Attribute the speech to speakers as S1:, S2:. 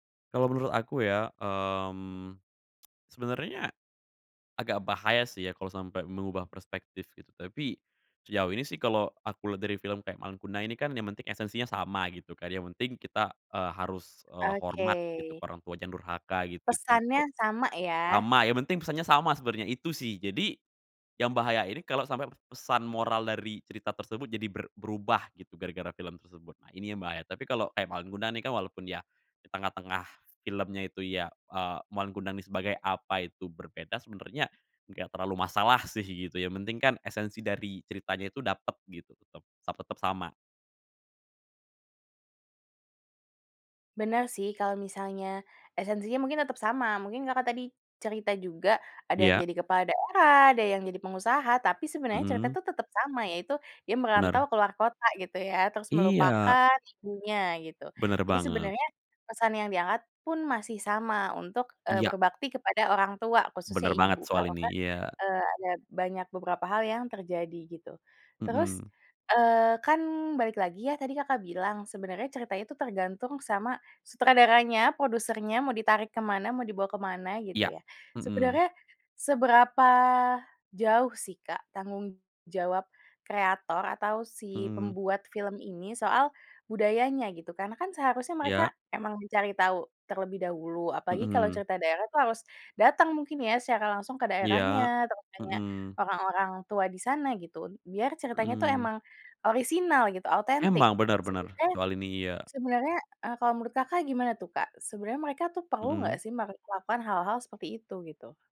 S1: Kalau menurut aku, ya, mmm, sebenarnya agak bahaya, sih, ya, kalau sampai mengubah perspektif, gitu. Tapi sejauh ini, sih, kalau aku lihat dari film kayak Malin Kundang ini, kan, yang penting esensinya sama, gitu, kan. Yang penting kita, eee, harus, eee, hormat, gitu, ke
S2: Oke.
S1: orang tua, jangan durhaka, gitu, kan,
S2: Pesannya
S1: kalau
S2: sama, ya.
S1: sama, yang penting pesannya sama sebenernya, itu, sih. Jadi yang bahaya ini kalo sampai pe pesan moral dari cerita tersebut jadi ber berubah gitu gara-gara film tersebut. Nah, ini yang bahaya. Tapi kalau kayak Malin Kundang, nih, kan, walaupun dia di tengah-tengah filmnya itu, ya, eee, Malin Kundang, nih, sebagai apa, itu berbeda, sebenarnya nggak terlalu masalah, sih, gitu, yang penting, kan, esensi dari ceritanya itu dapat, gitu, tetap sa tetap sama.
S2: Benar, sih. Kalau misalnya esensinya mungkin tetap sama, mungkin Kakak tadi cerita juga ada yang
S1: Iya.
S2: jadi kepala daerah, ada yang jadi pengusaha, tapi sebenarnya cerita,
S1: Mhm.
S2: tuh, tetap sama, yaitu dia merantau
S1: Benar.
S2: ke luar kota, gitu, ya, terus
S1: Iya.
S2: melupakan ibunya, gitu.
S1: Benar
S2: Jadi
S1: banget.
S2: sebenarnya pesan yang diangkat pun masih sama untuk, eee,
S1: Iya.
S2: berbakti kepada orang tua, khususnya
S1: Benar
S2: ibu.
S1: banget soal
S2: Kalau
S1: ini,
S2: nggak,
S1: iya.
S2: eee, ada banyak beberapa hal yang terjadi, gitu. Terus,
S1: Mhm.
S2: eee, kan, balik lagi, ya, tadi Kakak bilang sebenarnya ceritanya itu tergantung sama sutradaranya, produsernya, mau ditarik ke mana, mau dibawa ke mana, gitu,
S1: Iya.
S2: ya.
S1: Mhm.
S2: Sebenarnya seberapa jauh, sih, Kak, tanggung jawab kreator atau si
S1: Mhm.
S2: pembuat film ini soal budayanya, gitu? Karena, kan, seharusnya mereka
S1: Iya.
S2: emang mencari tau terlebih dahulu, apalagi kalau
S1: Mhm.
S2: cerita daerah, tuh, harus datang mungkin, ya, secara langsung ke
S1: Iya.
S2: daerahnya, terus tanya
S1: Mhm.
S2: orang-orang tua di sana, gitu, un biar ceritanya, tuh,
S1: Mhm.
S2: emang orisinal gitu, otentik.
S1: Emang. Benar benar,
S2: Sebenarnya
S1: soal ini, iya,
S2: sebenarnya, eee, kalau menurut Kakak gimana, tuh, Kak? Sebenarnya mereka, tuh, perlu nggak,
S1: Mhm.
S2: sih, me melakukan hal-hal seperti itu, gitu?